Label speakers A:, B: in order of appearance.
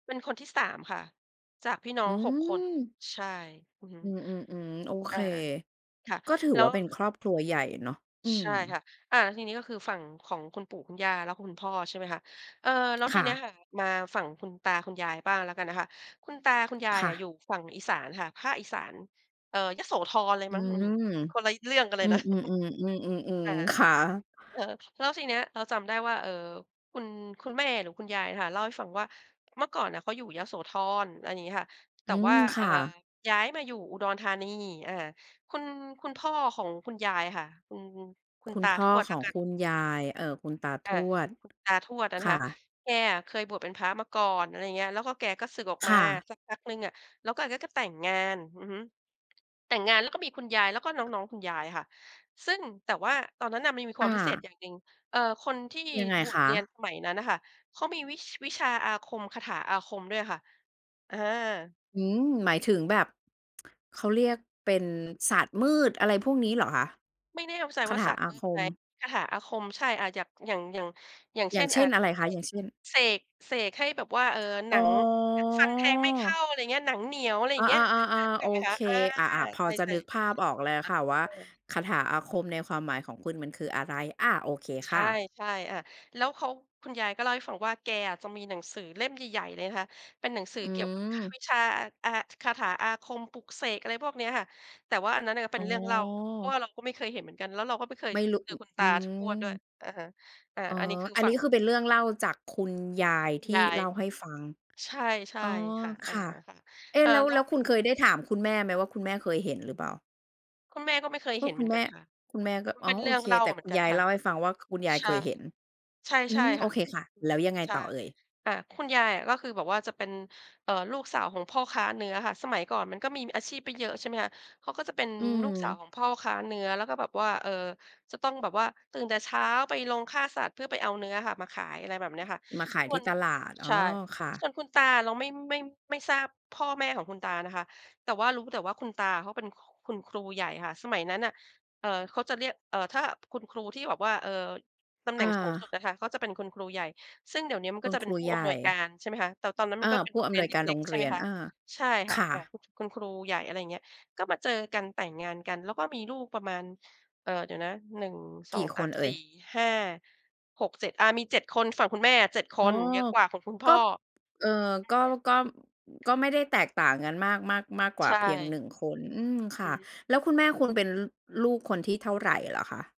A: เป็นคนที่ 3 ค่ะ จากพี่น้
B: อื
A: อง 6 คน
B: ม
A: ใช่ อือฮึ
B: อืม ๆ ๆ โอเ
A: อ
B: ค
A: า ค่ะ
B: ก็ถือ
A: แล้
B: ว่
A: ว
B: าเป็นครอบครัวใหญ่เนาะ อื
A: ใ
B: ม
A: ช่ค่ะ อา ทีนี้ก็คือฝั่งของคุณปู่คุณย่าแล้วคุณพ่อ ใช่ไหมคะ เออ แล้ว
B: ค
A: ที
B: ่
A: เนี้ย
B: ะ
A: ค่ะ มาฝั่งคุณตาคุณยายบ้างแล้วกันนะคะ คุณตาคุณยาย
B: ค่
A: อะ
B: ะ
A: อยู่ฝั่งอีสานค่ะ ภาคอีสาน เอ่อ ยโสธรเลย
B: อื
A: มั้ง
B: ม
A: อืม คนละ
B: อ
A: เรื่องกันเล
B: ื
A: ย
B: ม
A: นะ
B: ๆ ๆ อืม
A: ค่ะ
B: ๆ ๆ ค่ะ
A: เออ แล้วทีเนี้ยเราจำได้ว่า เอ่อ คุณ คุณแม่หรือคุณยายค่ะ เล่าให้ฟังว่า เมื่อก่อนน่ะเขาอยู่ยโสธร อะไรอย่างนี้ค่ะ แต
B: อื
A: ่ว่า
B: ม ค
A: เอ่
B: ่
A: อ
B: ะ
A: ย้ายมาอยู่อุดรธานี อา คุณ คุณพ่อของคุณยายค่ะ คุณ คุ
B: ค
A: ณ
B: ุ
A: ต
B: ณ
A: า
B: พ่
A: ท
B: อ
A: วด
B: ข
A: แล้
B: อ
A: ว
B: ง
A: กัน
B: คุณยาย เอ่อ คุณตาท
A: อา
B: วด
A: คุณตาทวดอะ
B: ค
A: นะ
B: ่
A: คะ
B: ะ
A: แกอะเคยบวชเป็นพระมาก่อน อะไรอย่างเงี้ย แล้วก็แกก็สึกออก
B: ค
A: มา
B: ่ะ
A: สักพักหนึ่งอะ แล้วแกก็แต่งงาน อือฮึ แต่งงานแล้วก็มีคุณยายแล้วก็น้อง ๆ คุณยายค่ะ ซึ่ง แต่ว่าตอนนั้นน่ะมันมีค
B: อ
A: วามพิเศษ
B: า
A: อย่างหนึ่ง เอ่อ คนที่
B: ยังไง
A: บว
B: ค
A: ชเรียน
B: ะ?
A: สมัยนั้นน่ะค่ะ เขามีวิ วิชาอาคม คาถาอาคมด้วยอะค่ะ อา
B: อืม หมายถึงแบบ เขาเรียก เป็นศาสตร์มืดอะไรพวกนี้เหรอคะ?
A: ไม่แน่ ว ใจ
B: คา
A: ว่า
B: ถ
A: ศ
B: า
A: าสตร
B: อ
A: ์
B: า
A: มื
B: ค
A: ดไหม
B: ม
A: คาถาอาคม ใช่ อ่า อย่าง อย่าง อย่าง อย่าง
B: อ
A: เ
B: ย
A: ช
B: ่
A: ่
B: าง
A: น
B: เช
A: อ่
B: ่
A: า
B: น อะไรคะ อย่างเช่น?
A: เสก เสก เสกให้แบบว่า เออ หน
B: อ๋
A: ัง หนังฟันแทงไม่เข้า
B: อ
A: อะไรเงี้ย หนังเหนียว อะไรอ
B: อ
A: ย่
B: า
A: างเงี้ย เออ ๆ
B: ๆ
A: นึ
B: ๆ ๆ
A: ก
B: โอ
A: ออกไหมค
B: เค
A: ะ? อา
B: อา ๆ พ
A: ใช
B: อ
A: ่
B: จะ
A: ๆ ค่ะ
B: นึกภาพออกแล้วค่ะว่า
A: เออ
B: คาถาอาคมในความหมายของคุณมันคืออะไร? อา โอเค
A: ใช
B: ค
A: ่
B: ่ะ
A: ๆ อา แล้วเขา คุณยายก็เล่าให้ฟังว่า แกอะก็มีหนังสือเล่มใหญ่ ๆ เลยนะคะ เป็นหนังสื
B: อ
A: อ
B: ื
A: เกี่ยวกับอ
B: ม
A: วิชชา อา ห คาถาอาคม ปลุกเสก อะไรพวกเนี้ยค่ะ แต่ว่าอันนั้นน่ะเ
B: อ
A: ป
B: ๋
A: ็น
B: อ
A: เรื่องเล่า เพราะว่าเราก็ไม่เคยเห็นเหมือนกัน แล้วเราก็ไม่เคย
B: ไม่รู้
A: เจ
B: อ
A: อคุณต
B: อื
A: าทวดด้วย
B: ม
A: อะฮะ อา
B: อ๋อ
A: อันนี้คือ
B: อัน
A: ฝั
B: นี้
A: ่ง
B: ก็คือเป็นเรื่องเล่าจากคุณยาย
A: คุ
B: ท
A: ณ
B: ี
A: ย
B: ่
A: า
B: เ
A: ย
B: ล่าให้ฟัง
A: ใช่
B: อ๋อ
A: ๆ ค่ะ อ
B: ค
A: า
B: ่ะ
A: ค่ะ
B: เอ๊ะ
A: อ่า
B: แล้ว
A: แล
B: แ
A: ้
B: ล
A: ว
B: ้วคุณเคยได้ถามคุณแม่ไหมว่า คุณแม่เคยเห็นหรือเปล่า?
A: คุณแม่ก็ไม่เคย
B: พ
A: เ
B: ว
A: ห
B: ก
A: ็นเ
B: คุ
A: หมือ
B: ณ
A: น
B: แม
A: กัน
B: ่
A: ค่ะ
B: คุณแม่ก็
A: มัน
B: อ
A: เ
B: ๋
A: ป
B: อ
A: ็นเ
B: โ
A: ร
B: อ
A: ื่อง
B: เค
A: เล่า
B: แต
A: ม
B: ่
A: าเหม
B: ค
A: ื
B: ุ
A: อน
B: ณ
A: กั
B: ย
A: น
B: าย
A: ค่
B: เ
A: ะ
B: ล่าให้ฟังว่าคุณยาย
A: ใช
B: เค
A: ่
B: ยเห็น
A: ใ
B: อื
A: ช่
B: ม
A: ๆ
B: โ
A: ค
B: อ
A: ่ะ
B: เคค่ะ แล้วยังไง
A: ใช่
B: ต่อเอ่ย?
A: อ่า คุณยายอะว่า คือแบบว่าจะเป็น เอ่อ ลูกสาวของพ่อค้าเนื้อค่ะ สมัยก่อนมันก็มีอาชีพไม่เยอะ ใช่ไหมคะ เขาก็จะเป็น
B: อื
A: ลูกสาว
B: ม
A: ของพ่อค้าเนื้อ แล้วก็แบบว่า เอ่อ จะต้องแบบว่าตื่นแต่เช้าไปโรงฆ่าสัตว์เพื่อไปเอาเนื้อค่ะมาขาย อะไรแบบเนี้ยค่ะ
B: มาขาย
A: ส่
B: ที
A: ว
B: ่
A: น
B: ตลาด อ๋
A: ใ
B: อ
A: ช่
B: ค่ะ
A: ส่วนคุณตาอะเราไม่ ไม่ ไม่ทราบพ่อแม่ของคุณตานะคะ แต่ว่ารู้แต่ว่าคุณตาอะเขาเป็นคุณครูใหญ่ค่ะ สมัยนั้นน่ะ เอ่อ เขาจะเรียก เอ่อ ถ้าคุณครูที่แบบว่า เอ่อ ตำแห
B: อ
A: น่งสูงสุด
B: า
A: อะค่ะ เขาจะเป็นคุณครูใหญ่ ซึ่งเดี๋ยวนี้อะมัน
B: ค
A: ก
B: ุ
A: ็
B: ณ
A: จะเ
B: ค
A: ป็
B: ร
A: น
B: ู
A: ผู้
B: ใหญ
A: อำนวยก
B: ่
A: าร ใช่ไหมคะ แต่ตอนนั้นม
B: อ
A: ัน
B: า
A: ก็เป็น
B: ผู
A: โร
B: ้
A: ง
B: อ
A: เร
B: ำ
A: ี
B: น
A: ยน
B: วย
A: เ
B: การ
A: ล
B: โ
A: ็
B: ร
A: ก
B: ง
A: ๆ ใช
B: เ
A: ่
B: ร
A: ไห
B: ี
A: ม
B: ยน
A: คะ
B: อา
A: ใช่ค่
B: ค
A: ะ
B: ่
A: อ่า
B: ะ
A: คุณ คุณครูใหญ่ อะไรอย่างเงี้ย ก็มาเจอกัน แต่งงานกัน แล้วก็มีลูกประมาณ เอ่อ เดี๋ยวนะ หนึ่งส
B: ก
A: อ
B: ี
A: ง
B: ่
A: ส
B: ค
A: าม
B: นเอ
A: ส
B: ่
A: ี
B: ย?
A: ่ห้าหกเจ็ด อา มี 7 คน ฝั่งคุณแม่อะ 7 ค
B: อ๋อ
A: น เยอะกว่าของคุณพ
B: ก็
A: ่อ
B: เอ่อ
A: อ
B: ก็
A: ืม
B: ก็ ก็ไม่ได้แตกต่างกันมาก มาก มากกว
A: ใ
B: ่
A: ช
B: า
A: ่
B: เพียง 1 คน อืม
A: อื
B: ค่ะ
A: ม
B: แล้วคุณแม่คุณเป็น ล ลูกคนที่เท่าไรเหรอคะ?